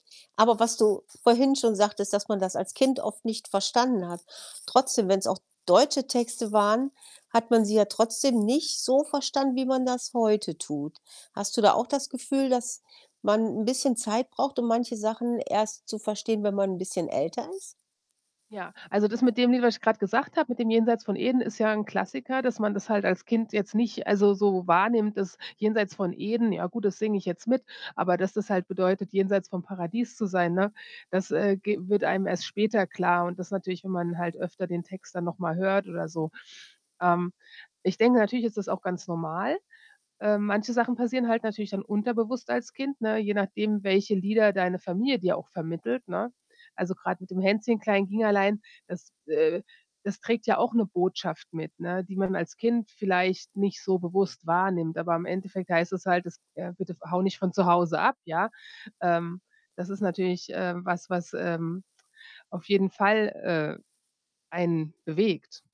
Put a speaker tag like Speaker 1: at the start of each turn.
Speaker 1: Aber was du vorhin schon sagtest, dass man das als Kind oft nicht verstanden hat, trotzdem, wenn's auch deutsche Texte waren, hat man sie ja trotzdem nicht so verstanden, wie man das heute tut. Hast du da auch das Gefühl, dass man 'n bisschen Zeit braucht, um manche Sachen erst zu verstehen, wenn man 'n bisschen älter ist?
Speaker 2: Ja, also, das mit dem Lied, was ich gerade gesagt habe, mit dem ”Jenseits von Eden“ ist ja 'n Klassiker, dass man das halt als Kind jetzt nicht also, so wahrnimmt, dass ”Jenseits von Eden,” ja gut, das singe ich jetzt mit, aber dass das halt bedeutet, jenseits vom Paradies zu sein, ne, das, äh, ge wird einem erst später klar und das natürlich, wenn man halt öfter den Text dann nochmal hört oder so. Ähm, ich denke, natürlich ist das auch ganz normal. Äh, manche Sachen passieren halt natürlich dann unterbewusst als Kind, ne, je nachdem, welche Lieder deine Familie dir auch vermittelt, ne? Also, gerade mit dem ”Hänschen Klein ging allein“ das, äh, das trägt ja auch 'ne Botschaft mit, ne, die man als Kind vielleicht nicht so bewusst wahrnimmt, aber im Endeffekt heißt es halt, es ja: „Bitte ver hau nicht von zu Hause ab“, ja. Ähm, das ist natürlich, äh, was was, ähm, auf jeden Fall, äh, einen bewegt.